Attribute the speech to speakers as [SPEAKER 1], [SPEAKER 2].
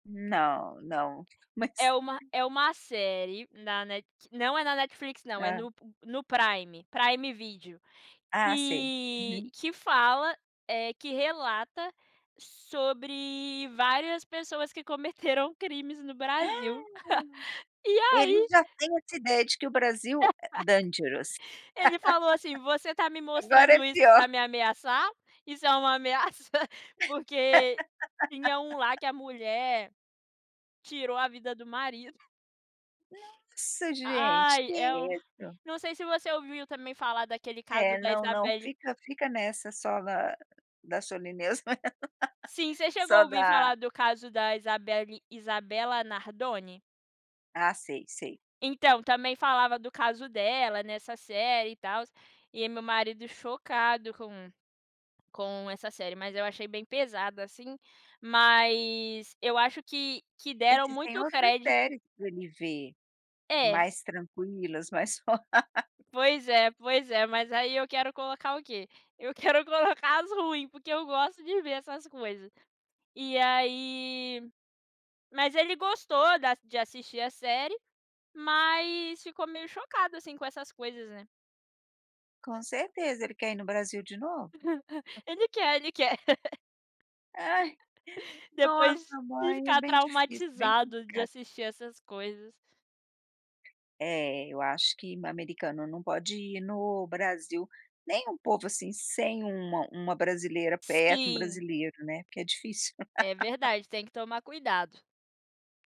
[SPEAKER 1] Não, não
[SPEAKER 2] É
[SPEAKER 1] mas
[SPEAKER 2] uma é uma série na Net não é na Netflix não, é
[SPEAKER 1] Ah.
[SPEAKER 2] no no Prime, Prime Video,
[SPEAKER 1] Ah, sei,
[SPEAKER 2] e
[SPEAKER 1] uhum.
[SPEAKER 2] que fala, eh, que relata sobre várias pessoas que cometeram crimes no Brasil. E
[SPEAKER 1] Ele
[SPEAKER 2] aí
[SPEAKER 1] já tem essa ideia de que o Brasil é dangerous.
[SPEAKER 2] Ele falou assim: "Você tá me
[SPEAKER 1] Agora é
[SPEAKER 2] mostrando isso
[SPEAKER 1] pior.
[SPEAKER 2] para me ameaçar? Isso é uma ameaça?" Porque tinha um lá que a mulher tirou a vida do marido.
[SPEAKER 1] Nossa gente,
[SPEAKER 2] Ai,
[SPEAKER 1] que
[SPEAKER 2] e o
[SPEAKER 1] isso.
[SPEAKER 2] não sei se você ouviu também falar daquele caso
[SPEAKER 1] É
[SPEAKER 2] da
[SPEAKER 1] não, não,
[SPEAKER 2] Isabelly
[SPEAKER 1] fica fica nessa só na da Solineusa,
[SPEAKER 2] Sim, você chegou a
[SPEAKER 1] só
[SPEAKER 2] ouvir
[SPEAKER 1] da
[SPEAKER 2] falar do caso da Isabelly Isabella Nardone?
[SPEAKER 1] Ah, sei sei.
[SPEAKER 2] Então, também falava do caso dela nessa série e tals, e aí meu marido chocado com com essa série, mas eu achei bem pesado, assim, mas eu acho que que deram
[SPEAKER 1] Existem
[SPEAKER 2] muito
[SPEAKER 1] outras
[SPEAKER 2] crédito.
[SPEAKER 1] séries para ele ver,
[SPEAKER 2] É.
[SPEAKER 1] mais tranquilas, mais for
[SPEAKER 2] Pois é, pois é mas aí eu quero colocar o quê? Eu quero colocar as ruim, porque eu gosto de ver essas coisas. E aí mas ele gostou da de assistir a série, mas ficou meio chocado assim com essas coisas, né.
[SPEAKER 1] Com certeza ele quer ir no Brasil de novo?
[SPEAKER 2] Ele
[SPEAKER 1] [unintelligible]
[SPEAKER 2] quer, ele quer.
[SPEAKER 1] Ai,
[SPEAKER 2] Depois
[SPEAKER 1] nossa
[SPEAKER 2] de
[SPEAKER 1] mãe, é
[SPEAKER 2] ficar
[SPEAKER 1] bem difícil, bem
[SPEAKER 2] traumatizado de
[SPEAKER 1] complicado.
[SPEAKER 2] assistir essas coisas.
[SPEAKER 1] É, eu acho que americano não pode ir no Brasil, nem um povo, assim, sem uma uma brasileira perto, um
[SPEAKER 2] Sim.
[SPEAKER 1] brasileiro, né, porque é difícil.
[SPEAKER 2] É verdade, tem que tomar cuidado.